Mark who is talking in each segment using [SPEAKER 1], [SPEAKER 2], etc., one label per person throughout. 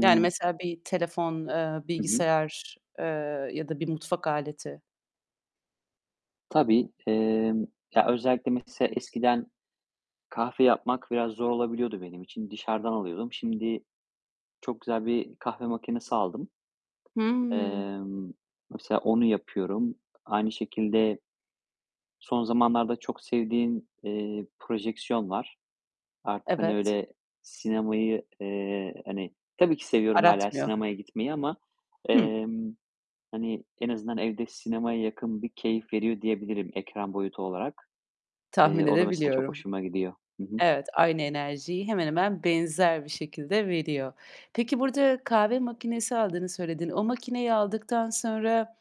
[SPEAKER 1] Yani, mesela bir telefon, eee,
[SPEAKER 2] Hı hı.
[SPEAKER 1] bilgisayar, eee, ya da bir mutfak aleti.
[SPEAKER 2] Tabii, emm, ya, özellikle mese eskiden kahve yapmak biraz zor olabiliyordu benim için. Dışarıdan alıyordum. Şimdi çok güzel bir kahve makinesi aldım.
[SPEAKER 1] Hımm.
[SPEAKER 2] Emm, mesela onu yapıyorum. Aynı şekilde son zamanlarda çok sevdiğim, eee, projeksiyon var. Artık, hani,
[SPEAKER 1] Evet.
[SPEAKER 2] öyle sinemayı, eee, hani Tabii ki seviyorum hâlâ
[SPEAKER 1] Aratmıyor.
[SPEAKER 2] sinemaya gitmeyi ama,
[SPEAKER 1] Hı.
[SPEAKER 2] emm, hani, en azından evde sinemaya yakın bir keyif veriyor diyebilirim ekran boyutu olarak.
[SPEAKER 1] Tahmin
[SPEAKER 2] Eee, o da mesela çok
[SPEAKER 1] edebiliyorum.
[SPEAKER 2] hoşuma gidiyor. Hı hı.
[SPEAKER 1] Evet, aynı enerjiyi hemen hemen benzer bir şekilde veriyor. Peki, burada kahve makinesi aldığını söyledin. O makineyi aldıktan sonra,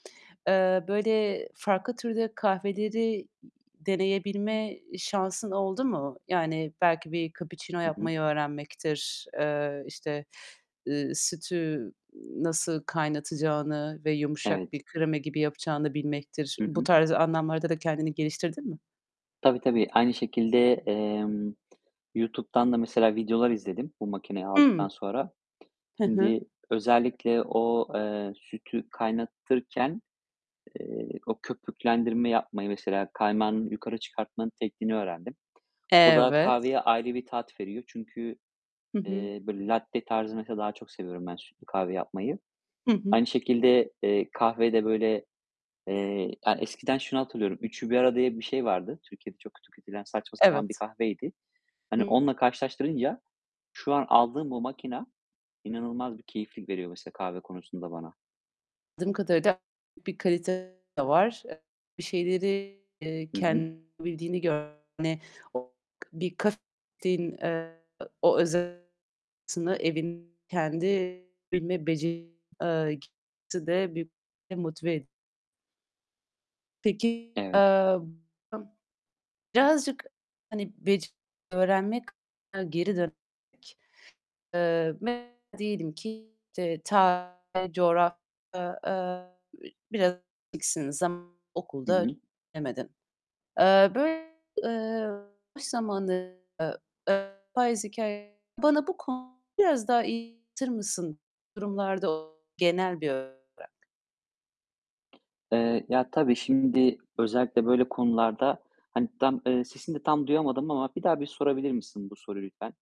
[SPEAKER 1] eee, böyle farklı türde kahveleri deneyebilme şansın oldu mu? Yani belki bir kapuçino
[SPEAKER 2] Hı hı.
[SPEAKER 1] yapmayı öğrenmektir, eee, işte, ııı, sütü nasıl kaynatacağını ve yumuşak
[SPEAKER 2] Evet.
[SPEAKER 1] bir krema gibi yapacağını bilmektir.
[SPEAKER 2] Hı
[SPEAKER 1] Bu
[SPEAKER 2] hı.
[SPEAKER 1] tarz anlamlarda da kendini geliştirdin mi?
[SPEAKER 2] Tabii, tabii. Aynı şekilde, emm, YouTube'dan da mesela videolar izledim, bu makineyi aldıktan
[SPEAKER 1] Hımm.
[SPEAKER 2] sonra.
[SPEAKER 1] Hı hı.
[SPEAKER 2] Şimdi, özellikle o, eee, sütü kaynatırken, eee, o köpüklendirme yapmayı, mesela kaymağı yukarı çıkartmanın tekniğini öğrendim. O da
[SPEAKER 1] Evet.
[SPEAKER 2] kahveye ayrı bir tat veriyor. Çünkü,
[SPEAKER 1] Hı hı.
[SPEAKER 2] eee, böyle latte tarzını mesela daha çok seviyorum ben sütlü kahve yapmayı.
[SPEAKER 1] Hı hı.
[SPEAKER 2] Aynı şekilde, eee, kahveyi de böyle eee, ya, eskiden şunu hatırlıyorum: "3'ü 1 arada." diye bir şey vardı. Türkiye'de çok kötü kötülenen, saçma sapan bir
[SPEAKER 1] Evet.
[SPEAKER 2] kahveydi. Hani,
[SPEAKER 1] Hı.
[SPEAKER 2] onunla karşılaştırınca şu an aldığım bu makine inanılmaz bir keyiflik veriyor mesela kahve konusunda bana.
[SPEAKER 1] Dım kadarıyla bir kalite de var. Eee, bir şeyleri, eee,
[SPEAKER 2] Hı hı.
[SPEAKER 1] kendi bil gör o bir kah eee, o öze aslında evin kendi bilme beceri eee, d büyük motive ediyo Peki, eee,
[SPEAKER 2] Evet.
[SPEAKER 1] a birazcık hani bec öğrenmek geri dön, eee, m diyelim ki ta coğrafy eee, biraz bil zam
[SPEAKER 2] Hı
[SPEAKER 1] okulda
[SPEAKER 2] hı.
[SPEAKER 1] bilemedin. Eee, böy eee, boş zamanı, eee, e biraz hikâye bana bu konu biraz daha iy anlatır mısın? Durumlarda genel böy
[SPEAKER 2] Eee, ya, tabii, şimdi özellikle böyle konularda Hani tam, eee, sesini de tam duyamadım ama bir daha bir sorabilir misin bu soruyu lütfen?